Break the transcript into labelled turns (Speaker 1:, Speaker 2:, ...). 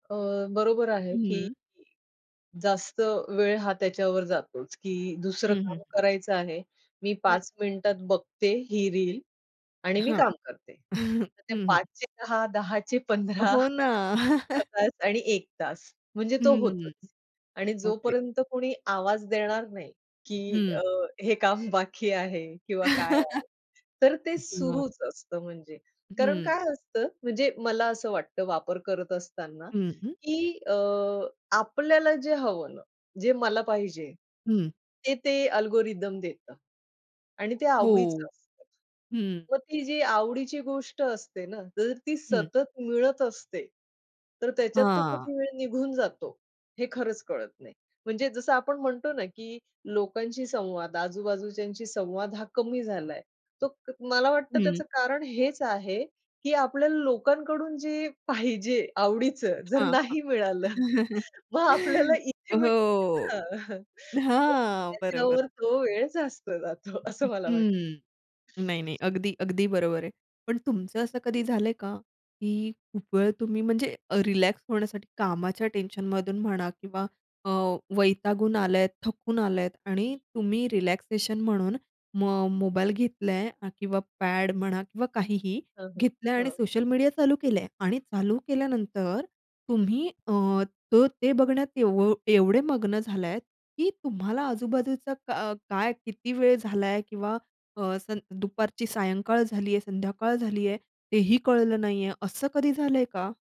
Speaker 1: अ, बरोबर आहे की
Speaker 2: हं.
Speaker 1: जास्त वेळ हा त्याच्यावर जातोच की दुसरं
Speaker 2: हं, हं.
Speaker 1: काम करायचं आहे. मी
Speaker 2: हं.
Speaker 1: 5 मिनिटात बघते ही रील आणि मी
Speaker 2: हां.
Speaker 1: काम करते.
Speaker 2: हं,
Speaker 1: तर ते
Speaker 2: हं.
Speaker 1: 5 ते 10, 10 चे 15
Speaker 2: हो ना.
Speaker 1: अर्धा तास आणि 1 तास म्हणजे तो
Speaker 2: हं.
Speaker 1: होतोच आणि
Speaker 2: ओके.
Speaker 1: जोपर्यंत कोणी आवाज देणार नाही की अ,
Speaker 2: हं.
Speaker 1: हे काम बाकी आहे किंवा काय आहे. तर ते
Speaker 2: हं.
Speaker 1: सुरूच असतं म्हणजे. कारण
Speaker 2: हं.
Speaker 1: काय असतं, म्हणजे मला असं वाटतं वापर करत असताना
Speaker 2: हं, हं.
Speaker 1: की अ, आपल्याला जे हवं ना, जे मला पाहिजे.
Speaker 2: हं.
Speaker 1: ते ते अल्गोरिदम देतं आणि ते
Speaker 2: हो,
Speaker 1: आवडीचं असतं.
Speaker 2: हं.
Speaker 1: मग ती जी आवडीची गोष्ट असते ना जर ती
Speaker 2: हं.
Speaker 1: सतत मिळत असते तर त्याच्यात तो
Speaker 2: हां.
Speaker 1: कधी वेळ निघून जातो हे खरंच कळत नाही. म्हणजे जसं आपण म्हणतो ना की लोकांशी संवाद आजूबाजूच्यांशी संवाद हा कमी झालाय. तो मला वाटतं
Speaker 2: हं.
Speaker 1: त्याचं कारण हेच आहे की आपल्याला लोकांकडून जे पाहिजे आवडीचं जर
Speaker 2: हां, हां.
Speaker 1: नाही मिळालं मग आपल्याला इथे
Speaker 2: हो.
Speaker 1: मिळतं ना. मग
Speaker 2: हां, बरोबर.
Speaker 1: त्याच्यावर तो वेळ जास्त जातो असं मला वाटतं.
Speaker 2: हं. नाही, नाही. अगदी, अगदी बरोबर आहे. पण तुमचं असं कधी झालंय का, की खूप वेळ तुम्ही म्हणजे रिलॅक्स होण्यासाठी कामाच्या टेन्शनमधून म्हणा किंवा अ, वैतागून आलेत, थकून आलात आणि तुम्ही रिलॅक्सेशन म्हणून मग मोबाईल घेतलाय अ, किंवा पॅड म्हणा किंवा काहीही,
Speaker 1: हं, हं,
Speaker 2: घेतलाय आणि
Speaker 1: हं.
Speaker 2: सोशल मीडिया चालू केलेले आहे आणि चालू केल्यानंतर तुम्ही अ, तर ते बघण्यात एव एवढे मग्न झाले आहेत की तुम्हाला आजूबाजूचा क काय किती वेळ झाला आहे किंवा अ, सं दुपारची सायंकाळ झाली आहे, संध्याकाळ झाली आहे तेही कळलं नाही आहे? असं कधी झालंय का?